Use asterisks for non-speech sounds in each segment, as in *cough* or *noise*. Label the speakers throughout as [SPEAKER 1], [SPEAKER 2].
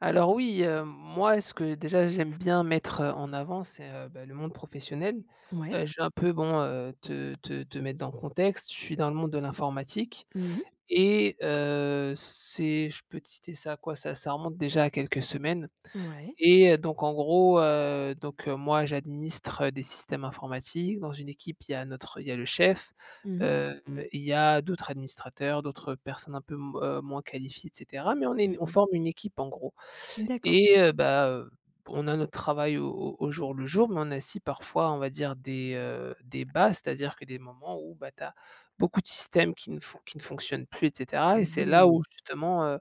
[SPEAKER 1] Alors oui, heu, moi ce que déjà j'aime bien mettre heu, en avant c'est, heu, bah, le monde professionnel.
[SPEAKER 2] Mouais.
[SPEAKER 1] Heu, je vais un peu bon, heu, te te te mettre dans le contexte. Je suis dans le monde de l'informatique
[SPEAKER 2] Mmh mh.
[SPEAKER 1] et, heu, c'est je peux te citer ça, quoi? Ça ça remonte déjà à quelques semaines.
[SPEAKER 2] Mouais.
[SPEAKER 1] Et, heu, donc en gros, heu, donc, heu, moi j'administre des systèmes informatiques. Dans une équipe, il y a notre il y a le chef,
[SPEAKER 2] Mmh mh.
[SPEAKER 1] hem, il y a d'autres administrateurs, d'autres personnes un peu m heu, moins qualifiées et cetera. Mais on est
[SPEAKER 2] Mmh
[SPEAKER 1] on
[SPEAKER 2] mh.
[SPEAKER 1] forme une équipe, en gros.
[SPEAKER 2] D'accord.
[SPEAKER 1] Et, heu, bah, heu, on a notre travail au au au jour le jour, mais on a aussi parfois on va dire des, heu, des bas. C'est-à-dire que des moments où, bah, tu as beaucoup de systèmes qui ne fon qui ne fonctionnent plus, et cetera. Et
[SPEAKER 2] Et
[SPEAKER 1] c'est là où
[SPEAKER 2] beh
[SPEAKER 1] justement, heu,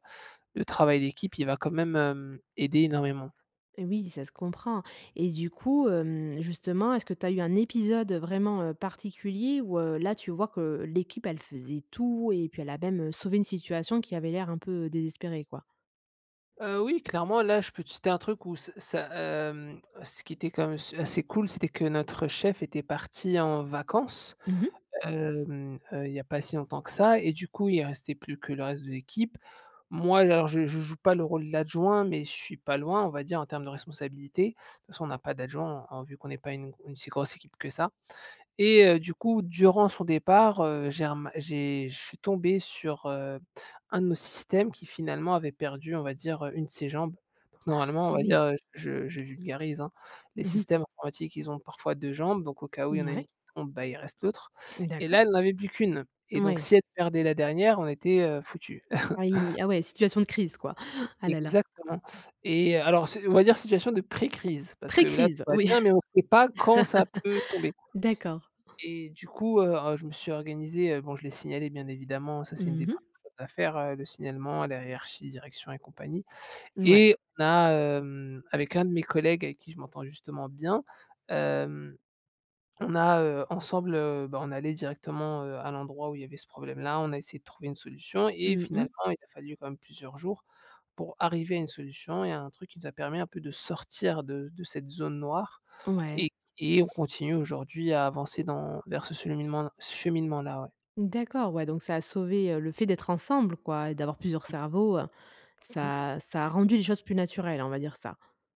[SPEAKER 1] le travail d'équipe il va quand même, hem, aider énormément.
[SPEAKER 2] Et oui, ça se comprend. Et du coup, hem, justement, est-ce que tu as eu un épisode heu, vraiment, heu, particulier où, heu, là tu vois que, heu, l'équipe, elle faisait tout? Et puis, elle a même heu, sauvé une situation qui avait l'air un peu désespérée, quoi?
[SPEAKER 1] Heu, oui, clairement! Là, je peux te citer un truc où c ça, hem ce qui était quand même su assez cool c'était que notre chef était parti en vacances,
[SPEAKER 2] Mmh mh.
[SPEAKER 1] hem, heu, il y pas si longtemps que ça. Et du coup il restait plus que le reste de l'équipe. Moi, alors, je je joue pas le rôle de l'adjoint, mais je suis pas loin, on va dire, en termes de responsabilité. De toute façon, on n'a pas d'adjoint en en vu qu'on est pas u une si grosse équipe que ça. Et, heu, du coup durant son départ, heu, j'ai rema j'ai je suis tombée sur, heu, un de nos systèmes qui finalement avait perdu, on va dire, heu, une de ses jambes.
[SPEAKER 2] *inhales*
[SPEAKER 1] Normalement on
[SPEAKER 2] Ah,
[SPEAKER 1] va
[SPEAKER 2] oui!
[SPEAKER 1] dire heu, je je vulgarise, hein. Les
[SPEAKER 2] Mmh mh.
[SPEAKER 1] systèmes informatiques ils ont parfois 2 jambes, donc, au cas où il y a une
[SPEAKER 2] Mouais.
[SPEAKER 1] qui tombe, bah, il reste l'autre.
[SPEAKER 2] Mmh
[SPEAKER 1] Et
[SPEAKER 2] d'accord.
[SPEAKER 1] là elle n'en avait plus qu'une. Et donc
[SPEAKER 2] Ouais!
[SPEAKER 1] si elle perdait la dernière, on était, heu, foutus.
[SPEAKER 2] Oui.
[SPEAKER 1] *chuckles*
[SPEAKER 2] Ah ouais, situation de crise, quoi! *gasps* Ah, là là!
[SPEAKER 1] Exactement. Et, heu, alors c'est on va dire situation de pré-crise, parce que là tout
[SPEAKER 2] Pré-crise,
[SPEAKER 1] va
[SPEAKER 2] oui!
[SPEAKER 1] bien, mais on sait pas quand ça peut tomber.
[SPEAKER 2] *laughs* D'accord.
[SPEAKER 1] Et du coup, heu heu, je me suis organisée. Heu, bon je l'ai signalé bien évidemment, ça c'est une
[SPEAKER 2] Mmh
[SPEAKER 1] des 1re
[SPEAKER 2] mh.
[SPEAKER 1] choses à faire, heu, le signalement à la hiérarchie, direction et compagnie.
[SPEAKER 2] Mouais.
[SPEAKER 1] Et on a, hem, avec un de mes collègues avec qui je m'entends, justement, bien. Hem, on a, heu, ensemble, heu, ben on allait directement, heu, à l'endroit où il avait ce problème là. On a essayé de trouver une solution et
[SPEAKER 2] Mmh
[SPEAKER 1] finalement,
[SPEAKER 2] mh.
[SPEAKER 1] il a fallu quand même plusieurs jours pour arriver à une solution et à un truc qui nous a permis un peu de sortir de de cette zone noire, et
[SPEAKER 2] Ouais.
[SPEAKER 1] q et on continue aujourd'hui à avancer dans vers ce cheminement-là cheminement-là, ouais.
[SPEAKER 2] D'accord, ouais. Donc ça a sauvé, heu, le fait d'être ensemble quoi, et d'avoir plusieurs
[SPEAKER 1] Mmh.
[SPEAKER 2] cerveaux, heu. Ça ça a rendu les choses plus naturelles, on va dire ça.